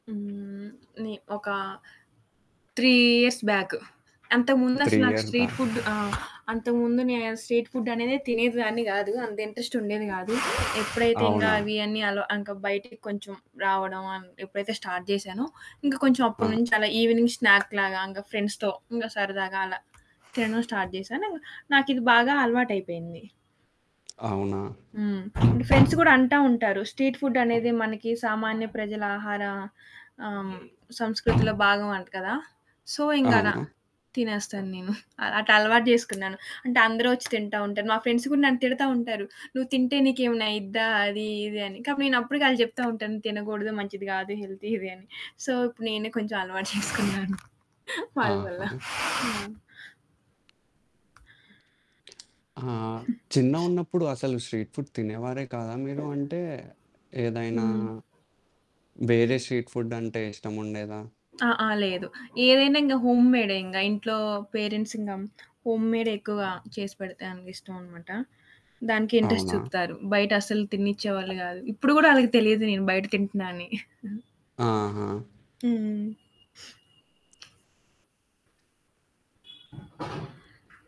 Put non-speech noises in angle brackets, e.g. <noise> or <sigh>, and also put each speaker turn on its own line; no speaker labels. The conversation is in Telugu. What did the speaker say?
హ్మ్, నే ఒక 3 ఇయర్స్ బ్యాక్. అంతకు ముందు
3
అసలు నాకు
ఇయర్స్
స్ట్రీట్
బ్యాక్.
ఫుడ్ ఆహ్, అంతకు ముందు నే స్ట్రీట్ ఫుడ్ అనేదె తినేదాన్ని కాదు. అంత ఇంట్రెస్ట్ ఉండేది కాదు. ఎప్పుడైతే ఇంకా
అవునా?
అవి అన్నీ అల ఇంకా బయటికి కొంచెం రావడం అం ఎప్పుడైతే స్టార్ట్ చేశానో, ఇంకా కొంచెం
ఆ!
అప్పటి నుంచి అలా ఈవినింగ్ స్నాక్ లాగా ఇంకా ఫ్రెండ్స్‌తో ఇంగా సరదాగా అలా తినడం స్టార్ట్ చేశాను. నాకు ఇది బాగా అలవాటు అయిపోయింది.
అవునా?
హ్మ్, ఫ్రెండ్స్ కూడా అంటా ఉంటారు. స్ట్రీట్ ఫుడ్ అనేది మనకి సామాన్య ప్రజల ఆహార ఆహ్, హ్మ్, సంస్కృతిలో భాగం అంట కదా. సో ఇంక అలా
అవును.
తినేస్తాను నేను. <giggles> అ అట్లా అలవాటు చేసుకున్నాను. అంటే అందరు వచ్చి తింటా ఉంటారు. మా ఫ్రెండ్స్ కూడా నన్ను తిడతా ఉంటారు. నువ్వు తింటే నీకు ఏమైనా అయిద్దా అది ఇది అని. కాబట్టి నేను అప్పటికి ఆళ్ళకి చెప్తా ఉంటాను తినకూడదు, మంచిది కాదు, హెల్తీ ఇది అని. సో ఇప్పుడు నేనే కొంచెం అలవాటు <giggles> చేసుకున్నాను. వాళ్ళ వల్ల.
ఆహా!
హ్మ్.
ఆ!
<giggles>
చిన్నగున్నప్పుడు అసలు స్ట్రీట్ ఫుడ్ తినేవారే కదా మీరు? అంటే ఏదైనా
హ్మ్.
వేరే స్ట్రీట్ ఫుడ్ అంటే ఇష్టముండేదా?
ఆ! ఆ! లేదు. ఏదైనా ఇంగా హోమ్‌మేడే. ఇంగ ఇంట్లో పేరెంట్స్ ఇంకా హోమ్‌మేడే ఎక్కువగా చేసి పెడితే అనికి ఇష్టం అనమాట. దానికి ఇంట్రెస్ట్
అవునా?
చూపుతారు. బయట అసలు తినిచ్చే వాళ్ళు కాదు. ఇప్పుడు కూడా ఆళ్ళకి తెలిదు నేను బయట తింటున్నా అని. <giggles> హ్మ్,
ఆహా!
హ్మ్. <sniffs>